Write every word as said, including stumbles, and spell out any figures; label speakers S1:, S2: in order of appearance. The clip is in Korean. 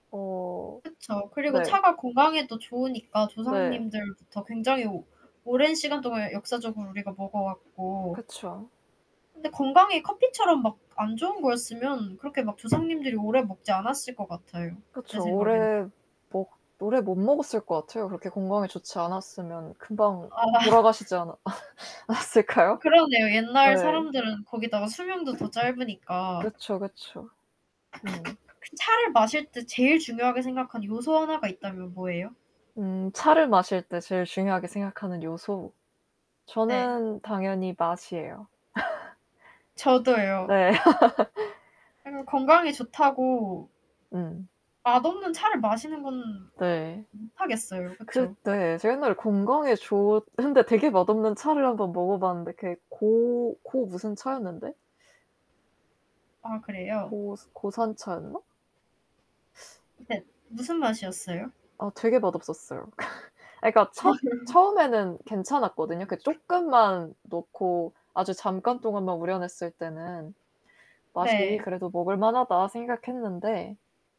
S1: 어
S2: 그쵸. 그리고
S1: 네.
S2: 차가 건강에도 좋으니까
S1: 네.
S2: 조상님들부터 굉장히 오랜 시간 동안 역사적으로 우리가 먹어 왔고
S1: 그쵸.
S2: 근데 건강에 커피처럼 막 안 좋은 거였으면 그렇게 막 조상님들이 오래 먹지 않았을 것 같아요 제
S1: 그쵸.
S2: 생각에는.
S1: 오래 먹 오래 못 먹었을 것 같아요. 그렇게 건강에 좋지 않았으면 금방
S2: 아.
S1: 돌아가시지 않았
S2: 아
S1: 않았을까요?
S2: 그러네요. 옛날
S1: 네.
S2: 사람들은 거기다가 수명도 더 짧으니까.
S1: 그쵸, 그쵸. 음.
S2: 그 차를 마실 때 제일 중요하게 생각하는 요소 하나가 있다면 뭐예요?
S1: 음. 차를 마실 때 제일 중요하게 생각하는 요소.
S2: 네.
S1: 저는 당연히 맛이에요.
S2: 저도요.
S1: 네.
S2: 아니 뭐 건강에 좋다고
S1: 음.
S2: 맛없는 차를 마시는 건
S1: 네.
S2: 못 하겠어요. 그쵸.
S1: 그때 제가 옛날에 건강에 좋 근데 되게 맛없는 차를 한 번 먹어 봤는데 그게 고, 고 무슨 차였는데.
S2: 아 그래요?
S1: 고 고산차였나?
S2: 네. 무슨 맛이었어요?
S1: 어 되게 맛없었어요. 아 그러니까 첫 처음에는 괜찮았거든요. 그 쪼끔만 놓고 아주 잠깐 동안만 우려냈을 때는 맛이
S2: 네.
S1: 그래도 '먹을 만하다.' 생각했는데